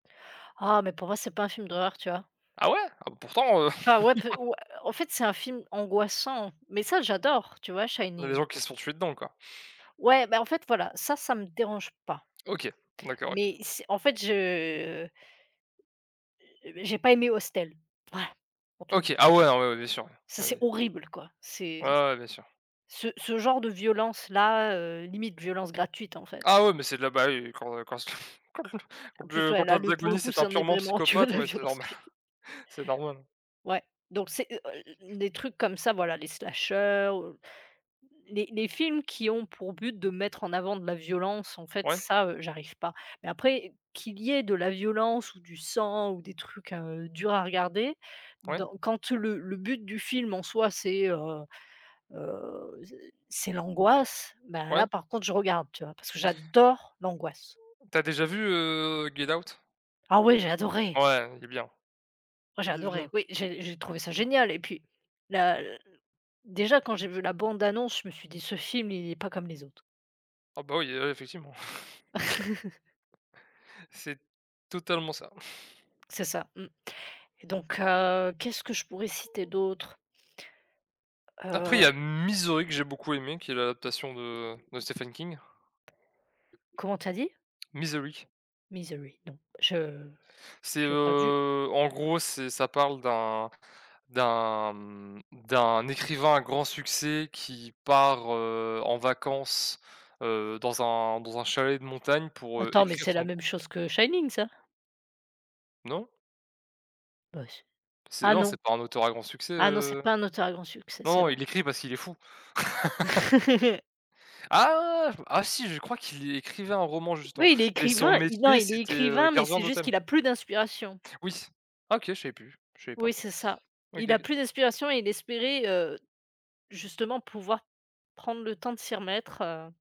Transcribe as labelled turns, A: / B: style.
A: Ah, mais pour moi, c'est pas un film d'horreur, tu vois?
B: Ah ouais? Ah bah, pourtant, heu
A: Enfin, ouais pe ou en fait c'est un film angoissant mais ça j'adore, tu vois
B: Il y a des
A: Shining.
B: gens qui se font tuer dedans quoi.
A: Ouais bah, en fait voilà, ça, ça me dérange pas.
B: OK, d'accord OK.
A: Mais c'est en fait, je, heu, heu, je j'ai pas aimé Hostel, ouais pour te d
B: OK, ah ouais, ouais, non, ouais bien sûr.
A: Ça,
B: Oui,
A: c'est
B: oui.
A: horrible quoi,
B: Ouais,
A: c'est
B: ouais bien sûr.
A: ce ce genre de violence-là, heu, limite violence gratuite en fait.
B: Ah ouais, mais c'est de là bah oui, quand quand quand le
A: En
B: quand
A: plus
B: le
A: ouais,
B: quand
A: là le pour le
B: l'antagoniste,
A: coup,
B: c'est un
A: ça en est
B: purement
A: vraiment tu vois
B: psychopathe
A: la
B: ouais, c'est
A: violence
B: normal,
A: gratuite.
B: c'est normal hein.
A: Ouais donc c'est, heu, é é des trucs comme ça voilà les slashers heu, les les films qui ont pour but de mettre en avant de la violence, en fait
B: Ouais.
A: ça, heu, j'arrive pas mais après qu'il y ait de la violence ou du sang ou des trucs, heu, durs à regarder
B: Ouais.
A: donc quand le le but du film en soi c'est, heu, heu, c c'est l'angoisse bah là,
B: Ouais.
A: par contre je regarde tu vois? Parce que j'adore l'angoisse.
B: Tu as déjà vu, heu, Get out?
A: Ah ouais, j'ai adoré.
B: Ouais, il est bien.
A: Moi j'ai
B: Il est
A: adoré,
B: bien.
A: oui, j'ai j'ai trouvé ça génial et puis la déjà quand j'ai vu la bande annonce, je me suis dit: «Ce film, il est pas comme les autres».
B: Ah bah, oui là, effectivement. C'est totalement ça.
A: C'est ça mmh et donc, heu, qu'est-ce que je pourrais citer d'autre?
B: Après, il y a
A: Heu
B: M Misery que j'ai beaucoup aimé qui est l'adaptation de de Stephen King.
A: Comment tu as dit?
B: Misery.
A: Misery, non je
B: C'est,
A: j'ai pas vu.
B: heu en gros, c'est ça parle d'un d'un, mmh, d'un écrivain à grand succès qui part, heu, en vacances, heu, dans un dans un chalet de montagne pour, heu,
A: Attends, mais
B: écrire
A: c'est la
B: son
A: même chose que Shining ça?
B: Non?
A: Bah c'est
B: C'est
A: ah
B: non,
A: non.
B: c'est pas un auteur à grand succès,
A: Ah non, c'est
B: heu,
A: pas un auteur à grand succès,
B: non,
A: c'est
B: non,
A: vrai.
B: il écrit parce qu'il est fou. Ah! Ah si je crois qu'il écrivait un roman justement,
A: Oui, il est
B: mais son
A: écrivain, il non,
B: métier,
A: il est
B: c'était, heu,
A: écrivain, mais
B: gardien
A: c'est juste
B: d'hôtel.
A: qu'il a plus d'inspiration.
B: Oui. Ah OK, je savais plus, je savais
A: Oui,
B: pas.
A: c'est ça.
B: OK
A: Il a
B: OK.
A: plus d'inspiration et il espérait, heu, justement pouvoir prendre le temps de s'y remettre, heu